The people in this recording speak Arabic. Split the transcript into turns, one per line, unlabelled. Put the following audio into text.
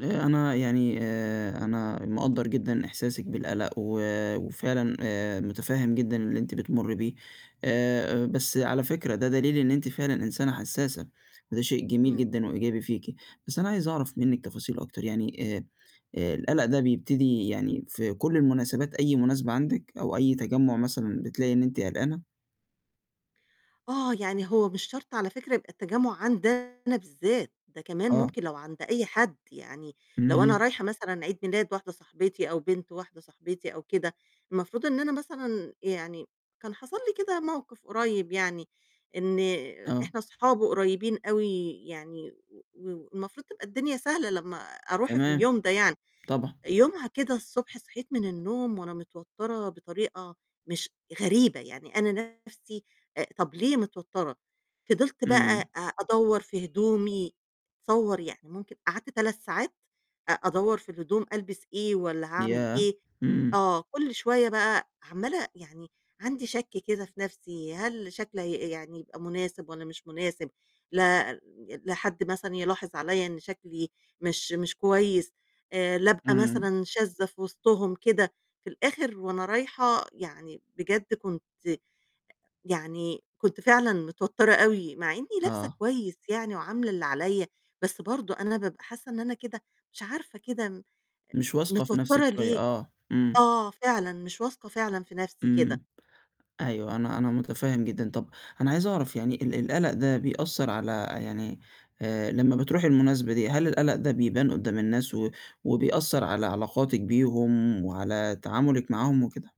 آآ أنا يعني آآ أنا مقدّر جدًا إحساسِك بالقَلَق و وفعلًا آآ متفهِّم جدًا اللي أنتِ بتمُري بيه، آآ بس على فكرة ده دليل إن أنتِ فعلًا إنسانة حسّاسة، وده شيء جميل
إمم.
جدًا وإيجابي فيكِ. بس أنا عايز أعرف منِك تفاصيل أكتر، يعني آآ آآ القَلَق ده بيبتدي يعني في كل المناسبات أي مناسبة عندِك أو أي تجمُّع مثلًا بتلاقي إن أنتِ قلقانة؟
آه، يعني هو مش شرط على فكرة يبقى التجمُّع عندي أنا بالذات، ده كمان
آه.
ممكن لو عند أي حد، يعني لو أنا
اهم.
رايحة مثلًا عيد ميلاد واحدة صاحبتي أو بنت واحدة صاحبتي أو كده، المفروض إن أنا مثلًا يعني كان حصل لي كده موقِف قُريّب يعني، إن
آه.
إحنا أصحاب وقريّبين أوي يعني و والمفروض تبقى الدنيا سهلة لمّا أروح في
تمام.
اليوم ده يعني.
طبعًا.
يومها كده الصبح صحيت من النوم وأنا متوتَّرة بطريقة مش غريبة، يعني أنا نَفْسي آآ طَب ليه متوتَّرة؟ فضلت
إمم.
بقى أ أدوَّر في هدومي، تصوَّر، يعني ممكن قعدت 3 ساعات أ أدوَّر في الهدوم ألبس إيه والّا هاعمل
ياه!
إيه،
إمم.
آه، كل شوية بقى عَمّالة يعني عندي شَك كده في نَفْسي، هل شكلي هي يعني يبقى مناسب والّا مش مناسب؟ لأ، ال لحد مثلًا يلاحظ عليّا إن شكلي مش مش كويس، آآ لا أبقى
إمم.
مثلًا شاذة في وِسطهم كده. في الآخر وأنا رايحة يعني بجد كنت يعني كنت فعلًا متوتَّرة أوي، مع إنّي لابسة
آه.
كويس يعني وعاملة اللي عليّا، بس برضه أنا بابقى حاسّة إن أنا كده، مش عارفة كده م
مش واثقة في نَفْسِك
متوتَّرة
شوية،
ليه؟
آه، إمم.
آه فعلًا، مش واثقة فعلًا في نَفْسي كده.
إمم. أيوه، أنا أنا متفهِّم جدًا. طَب أنا عايز أعرف يعني ال القَلَق ده بيأثّر على يعني آآ لمّا بتروحي المناسبة دي، هل القَلَق ده بيبان قُدّام الناس و وبيأثّر على علاقاتِك بيهم وعلى تعاملِك معاهم وكده؟